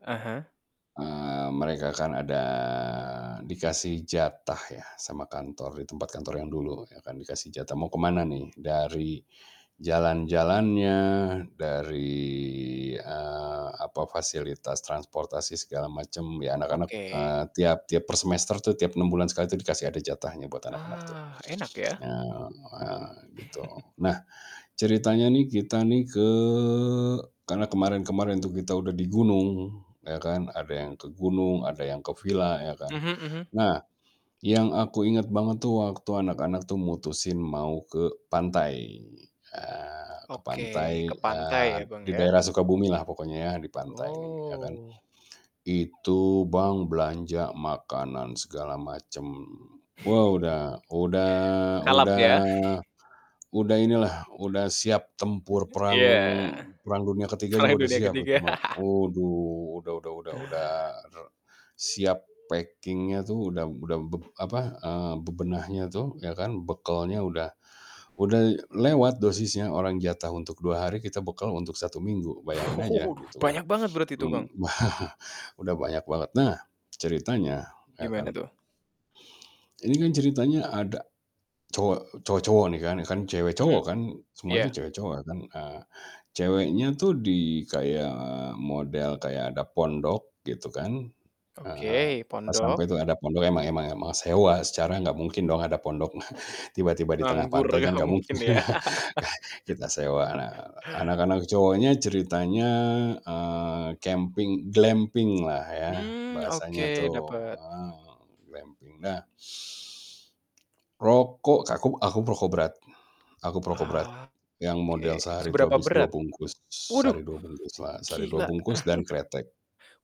Ah hah. Eee, mereka kan ada dikasih jatah ya sama kantor di tempat kantor yang dulu ya kan dikasih jatah. Mau kemana nih, dari jalan-jalannya, dari, eee, apa, fasilitas transportasi segala macem, ya anak-anak, Oke. eee, tiap tiap per semester tuh, tiap 6 bulan sekali tuh dikasih ada jatahnya buat anak-anak tuh, Ah, enak ya. eee eee, gitu. Nah ceritanya nih kita nih ke karena kemarin-kemarin tuh kita udah di gunung ya kan, ada yang ke gunung, ada yang ke villa ya kan. Mhm mhm. Nah, yang aku inget banget tuh waktu anak-anak tuh mutusin mau ke pantai, eee, ke Oke, ke pantai, pantai eee, ya, Bang di ya. daerah Sukabumi lah pokoknya ya di pantai ini, ya kan. Oh. Itu Bang belanja makanan segala macem. Wow udah udah Kalap udah ya. udah inilah, udah siap tempur perang Iya, perang dunia ke-3 perang juga udah dunia siap itu ke-3. mah. Aduh, udah udah udah udah re siap packing-nya tuh udah udah bep apa, eee, bebenahnya tuh ya kan, bekelnya udah udah lewat dosisnya. Orang jatah untuk 2 hari kita bekel untuk 1 minggu, bayangin aja gitu kan. Banyak banget berarti itu, Bang? Mmm. Udah banyak banget. Nah, ceritanya ya Gimana kan. tuh? Ini kan ceritanya ada cowok cowok-cowok nih kan, kan Mhm, cewek-cowok kan. Semua itu iya. cewek-cowok kan, eee, ceweknya tuh di, kayak model kayak ada pondok gitu kan. Heeh, Oke, pas sampai pondok. tuh ada pondok emang emang emang sewa. Secara nggak mungkin dong ada pondok tiba-tiba di tengah Nganggur pantai kan nggak nggak mungkin, mungkin ya. kita sewa. Nah anak-anak cowoknya ceritanya, eee, camping glampinglah ya Mmm, bahasanya oke tuh, dapet. eee, glamping. Nah rokok kaku aku perokok berat aku perokok berat Oke, yang model sehari itu seberapa habis 2 berat? bungkus. Waduh Sehari 2 bungkuslah. Sehari 2 gila. bungkus dan kretek,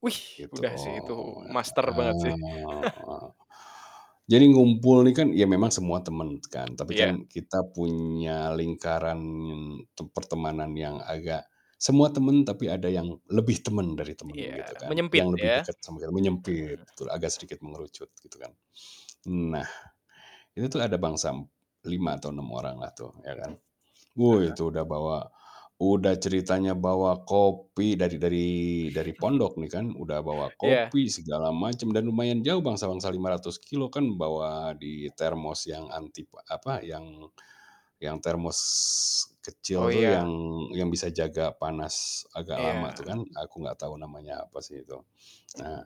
Wih, gitu. udah sih itu master banget sih. Eee, jadi ngumpul ini kan ya memang semua temen kan. Tapi Iya. kan kita punya lingkaran tep pertemanan yang agak semua temen tapi ada yang lebih temen dari temen, Iya, gitu kan. menyempit Yang lebih ya. deket sambil Mhm. menyempit itulah, agak sedikit mengerucut gitu kan. Nah, itu tuh ada bangsa m 5 atau 6 oranglah tuh, ya kan. Ah Woh, hah. itu udah bawa udah ceritanya bawa kopi dari dari dari pondok nih kan. Udah bawa Iya. kopi segala macam dan lumayan jauh bangsa-bangsa 500 kilometer kan bawa di termos yang antip apa, yang yang termos kecil Oh itu ya. yang yang bisa jaga panas agak lama tuh kan, Iya. aku nggak tahu namanya apa sih itu. Nah,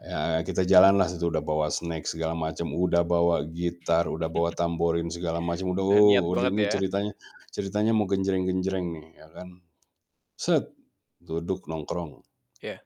ya kita jalanlah udah bawa snack segala macam, udah bawa gitar, udah bawa tamborin segala macam, udah Gak niat udah banget ini ya. ceritanya ceritanya mau genjereng-genjreng nih ya kan, duduk nongkrong. Iya.